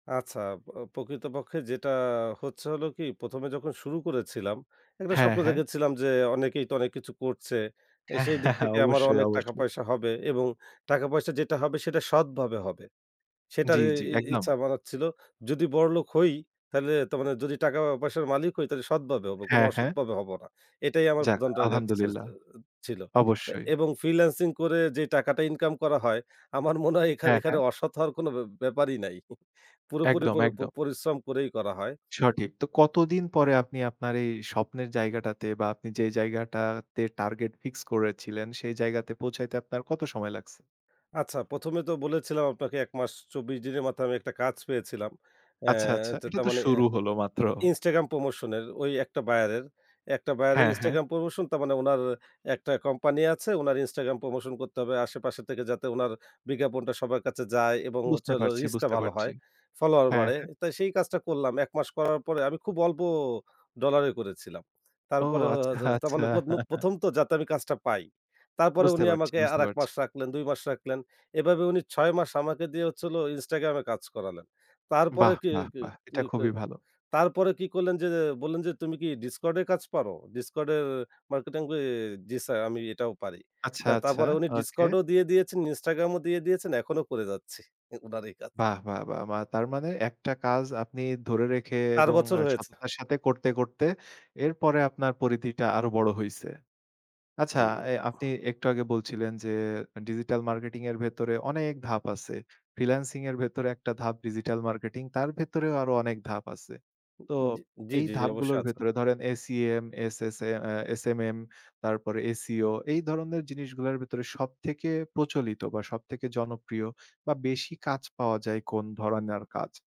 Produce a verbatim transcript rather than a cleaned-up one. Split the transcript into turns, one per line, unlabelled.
আচ্ছা। আব অ প্রকৃতপক্ষে যেটা হচ্ছে হল কি প্রথম এ যখন শুরু করেছিলাম একটা
হ্যাঁ,
স্বপ্ন
হ্যাঁ।
দেখেছিলাম যে, অনেকেই তো অনেক কিছু করছে। এ সেই দিক থেকে আমারও
অবশ্যই,
অনেক টাকা
অবশ্যই।
পয়সা হবে এবং টাকাপয়সা যেটা হবে সেটা সৎভাবে হবে। সেটার
জি,
এ
জি,
ই
একদম।
ইচ্ছা আমার ছিল। যদি বড়লোক হই তাইলে তো মানে যদি টাকা পয়সার মালিক হই তাইলে সৎভাবে হব। কোনো
হ্যাঁ, হ্যাঁ।
অসৎভাবে হব না। এটাই আমার
যাক,
প্রধান টার্গেট
আলহামদুলিল্লাহ।
[unintelligible] ছিল
অবশ্যই।
এবং ফ্রিল্যান্সিং করে যে টাকাটা ইনকাম করা হয় আমার মনে হয় এখান
হ্যাঁ,
এখানে
হ্যাঁ।
অসৎ হওয়ার কোনো ব্যা ব্যাপারই নাই পুরোপুরি
একদম,
পুরি প
একদম।
পরিশ্রম করেই করা হয়।
সঠিক। তো কতদিন পরে আপনি আপনার এই স্বপ্নের জায়গাটাতে বা আপনি যে জায়গাটাতে টার্গেট ফিক্স করেছিলেন সেই জায়গাতে পৌঁছাইতে আপনার কত সময় লাগছে?
আচ্ছা, প্রথম এ তো বলেছিলাম আপনাকে এক মাস চব্বিশ দিনের মাথায় আমি একটা কাজ পেয়েছিলাম। অ্যা
আচ্ছা, আচ্ছা,
তো
এটা
তার
তো
মানে এ্যা
শুরু হল মাত্র।
Instagram প্রমোশন এর ওই একটা বায়ারের একটা বায়ারের
হ্যাঁ, হ্যাঁ।
Instagram promotion. তার মানে উনার একটা কোম্পানি আছে, উনার Instagram প্রমোশন করতে হবে আশেপাশে থেকে যাতে উনার বিজ্ঞাপনটা সবার কাছে যায় এবং হচ্ছে
বুঝতে
হলো
পারছি,
রিচটা
বুঝতে
ভালো
পারছি।
হয়। ফলোয়ার
হ্যাঁ,
বাড়ে।
হ্যাঁ।
তাই সেই কাজটা করলাম। এক মাস করার পরে আমি খুব অল্প ডলারে করেছিলাম।
ও
তারপরে হ
আচ্ছা,
য তার
আচ্ছা
মানে [unintelligible] প্রথম তো যাতে আমি কাজটা পাই। তারপরে
বুঝতে
উনি
পারছি,
আমাকে আর
বুঝতে
এক
পারছি।
মাস রাখলেন, দুই মাস রাখলেন। এভাবে উনি ছয় মাস আমাকে দিয়ে হচ্ছে হল Instagram এ কাজ করালেন। তারপরে
বাহ!
কি
বাহ!
কি
বাহ!
কি
এটা
কি,
খুবই ভালো।
তারপরে কি করলেন যে বললেন যে, "তুমি কি Discord এ কাজ পারো? Discord এর মার্কেটিং?" কি "জি স্যার আমি এটাও পারি।"
আচ্ছা,
তা
আচ্ছা।
তারপরে উনি
ওকে।
Discord ও দিয়ে দিয়েছেন, Instagram ও দিয়ে দিয়েছেন। এখনো করে যাচ্ছি উনার এই কাজ।
বাহ! বাহ! বাহ! বা তার মানে একটা কাজ আপনি ধরে রেখে
চার
এবং
বছর হয়েছে।
সততার সাথে করতে, করতে এরপরে আপনার পরিধিটা আরো বড় হইছে। আচ্ছা
জি।
এ আপনি একটু আগে বলছিলেন যে ডিজিটাল মার্কেটিং এর ভেতরে অনেক ধাপ আছে। ফ্রিল্যান্সিং এর ভেতরে একটা ধাপ ডিজিটাল মার্কেটিং, তার ভেতরেও আরো অনেক ধাপ আছে।
উ,
তো
জি জি,
এই
জি, জি অবশ্যই
ধাপগুলোর
আছে।
ভেতরে ধরেন এসইএম, এসএসএ, এ্যা এসএমএম, তারপরে এসইও এই ধরনের জিনিসগুলার ভেতরে সবথেকে প্রচলিত বা সবথেকে জনপ্রিয় বা বেশি কাজ পাওয়া যায় কোন ধরনের কাজ?